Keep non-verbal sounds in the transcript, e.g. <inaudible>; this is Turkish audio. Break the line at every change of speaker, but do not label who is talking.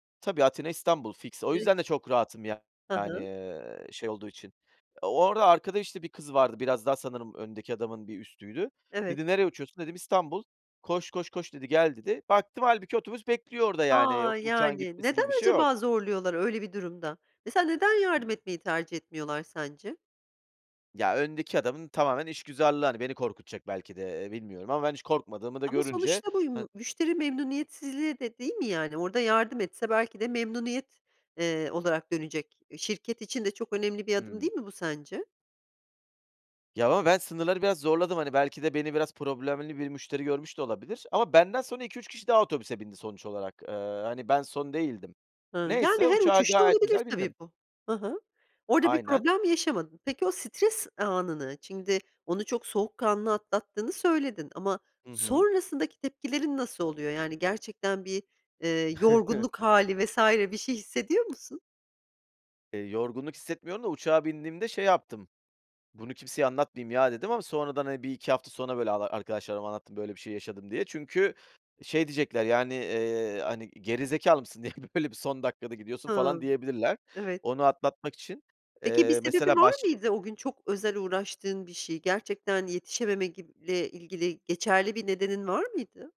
Tabii, Atina, İstanbul fiks. O
<unintelligible>
yüzden de çok rahatım yani,
Hı hı.
eee, şey olduğu için. Orada arkada işte bir kız vardı. Biraz daha sanırım öndeki adamın bir üstüydü.
Evet.
Dedi “Nereye uçuyorsun?“ Dedim “İstanbul. Koş, koş, koş, dedi, gel“ dedi. Baktım, hâlbuki otobüs bekliyor orada, yani,
A,
uçağın
yani.
gitmesi
Neden
gibi bir şey yok.
acaba zorluyorlar öyle bir durumda? Mesela, neden yardım
<unintelligible>
etmeyi tercih etmiyorlar, sence?
Ya, öndeki adamın tamamen işgüzarlığı, hani, beni korkutacak belki de, eee, bilmiyorum. Ama ben, hiç korkmadığımı da
Ama
görünce
sonuçta bu
han
m müşteri memnuniyetsizliğe de, değil mi? Yani. orada yardım etse, belki de, memnuniyet, eee, olarak dönecek. Şirket için de çok önemli bir adım
Hımm.
değil mi bu sence?
Ya, ama ben sınırları biraz zorladım. Hani, belki de beni biraz problemli bir müşteri görmüş de olabilir. Ama benden sonra 2-3 kişi daha otobüse bindi, sonuç olarak. Eee, hani, ben son değildim.
Hıı, yani
Neyse
her
uçağa
uçuşta
gayet
olabilir
güzel
tabii,
bindim.
bu. Hı hı. Orada bir
Aynen.
problem yaşamadın. Peki, o stres anını, şimdi onu; çok soğukkanlı atlattığını söyledin ama
Hı hı.
sonrasındaki tepkilerin nasıl oluyor? Yani, gerçekten bir, eee, yorgunluk
<chuckles>
hâli vs. bir şey hissediyor musun?
Eee, yorgunluk hissetmiyorum da, uçağa bindiğimde, şey yaptım. Bunu kimseye anlatmayayım ya, dedim. Ama sonradan hani, 1-2 hafta sonra böyle ar arkadaşlarıma anlattım. Böyle bir şey yaşadım, diye. Çünkü, şey, diyecekler yani, eee, hani, geri zekâlı mısın? Niye öyle bir son dakikada gidiyorsun? falan
Hımm,
diyebilirler.
evet.
Onu atlatmak için.
Peki, bir
Eee,
sebebi
mesela
var
başka
mıydı, o gün çok özel uğraştığın bir şey? Gerçekten yetişememe gib ile ilgili geçerli bir nedenin var mıydı?